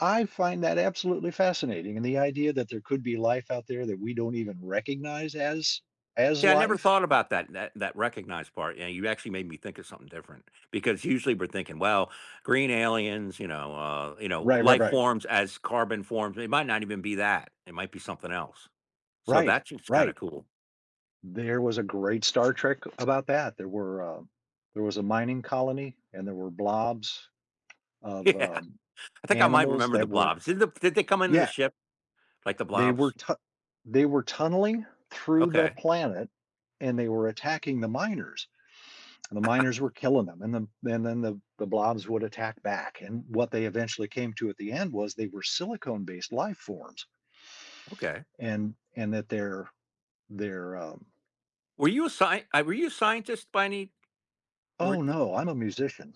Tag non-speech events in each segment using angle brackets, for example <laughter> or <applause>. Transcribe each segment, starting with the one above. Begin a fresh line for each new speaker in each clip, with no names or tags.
I find that absolutely fascinating, and the idea that there could be life out there that we don't even recognize as as
Yeah, I never
life.
thought about that that that recognized part, and you actually made me think of something different. Because usually we're thinking, well, green aliens, you know, uh, you know,
Right, right,
life
right.
forms as carbon forms. It might not even be that. It might be something else. So,
Right,
that's just kinda
right.
cool.
There was a great Star Trek about that. There were, uh there was a mining colony and there were blobs of,
Yeah,
um,
I think I might
animals
remember the
that were
blobs. Did the did they come into the
Yeah.
ship, like the
They were,
blobs?
tu they were tunneling through the
Okay.
planet and they were attacking the miners. And the miners were
<laughs>
killing them and then then then the the blobs would attack back and what they eventually came to at the end was they were silicone-based life forms
Okay.
and and that they're they're um
Were you a sci uh, were you a scientist by any Were
Oh,
were
no, I'm a musician.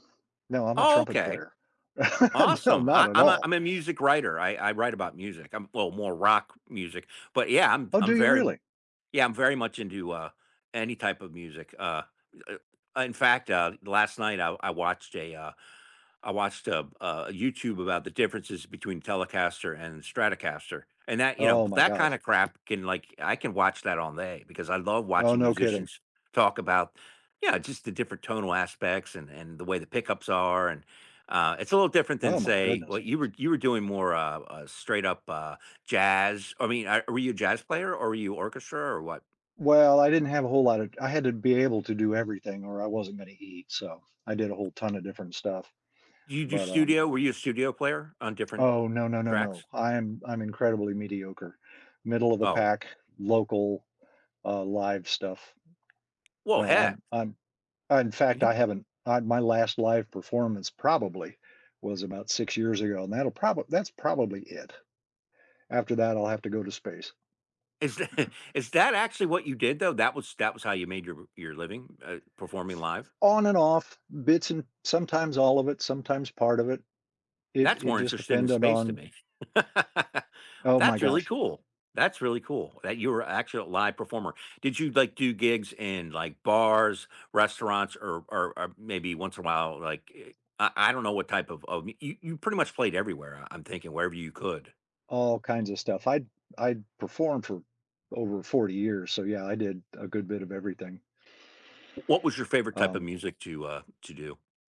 No, I'm a
Oh,
trumpet
okay.
player. <chuckles> No,
Awesome.
not
I
at
I'm a
all.
I'm a music writer. I I write about music. I'm well, more rock music, but, yeah, I'm v
Oh, do
I'm
you
very
really?
Yeah, I'm very much into, uh, any type of music. Uh, uh, eh In fact, uh, last night I I watched a, uh I watched a, uh, YouTube about the differences between Telecaster and Stratocaster, and that you know,
Oh, my
that kinda
gosh.
crap can, like, I can watch that all day, because I love
Oh,
watching
no kidding.
musicians talk about Yeah, just the different tonal aspects and and the way the pickups are, and Uh, it's a little different than,
Oh, my
say well,
goodness.
you were, you were doing more, uh, uh, straight up, uh, jazz. I mean, uh, were you a jazz player, or were you orchestra, or what?
Well, I didn't have a whole lot of I had to be able to do everything or I wasn't gonna eat, so I did a whole ton of different stuff.
Do you do
But, um
studio? Were you a studio player on different
Oh, no, no, no, no,
tracks?
I'm I'm incredibly mediocre, middle of the
Oh.
pack, local, uh, live stuff.
Well,
No,
heck.
I'm I'm in fact, I
You
haven't uh, my last live performance probably was about 6 years ago, and that'll proba that's probably it. After that, I'll have to go to space.
Is that is that actually what you did though? That was that was how you made your r your living, uh, performing live?
On and off, bits and sometimes all of it, sometimes part of it. It
That's
it
more
just
interesting than
depended
space to
on
me. <laughs>
Oh, my
That's really
gosh.
cool. That's really cool that you're actually a live performer. Did you, like, do gigs in, like, bars, restaurants, or or, uh, maybe once in a while, like, i I I don't know what type of of you you pretty much played everywhere, I I'm thinking wherever you could.
All kinds of stuff. I'd I'd performed for over 40 years, so, yeah, I did a good bit of everything.
Wh what was your favorite type of
Um
music to, uh, to do?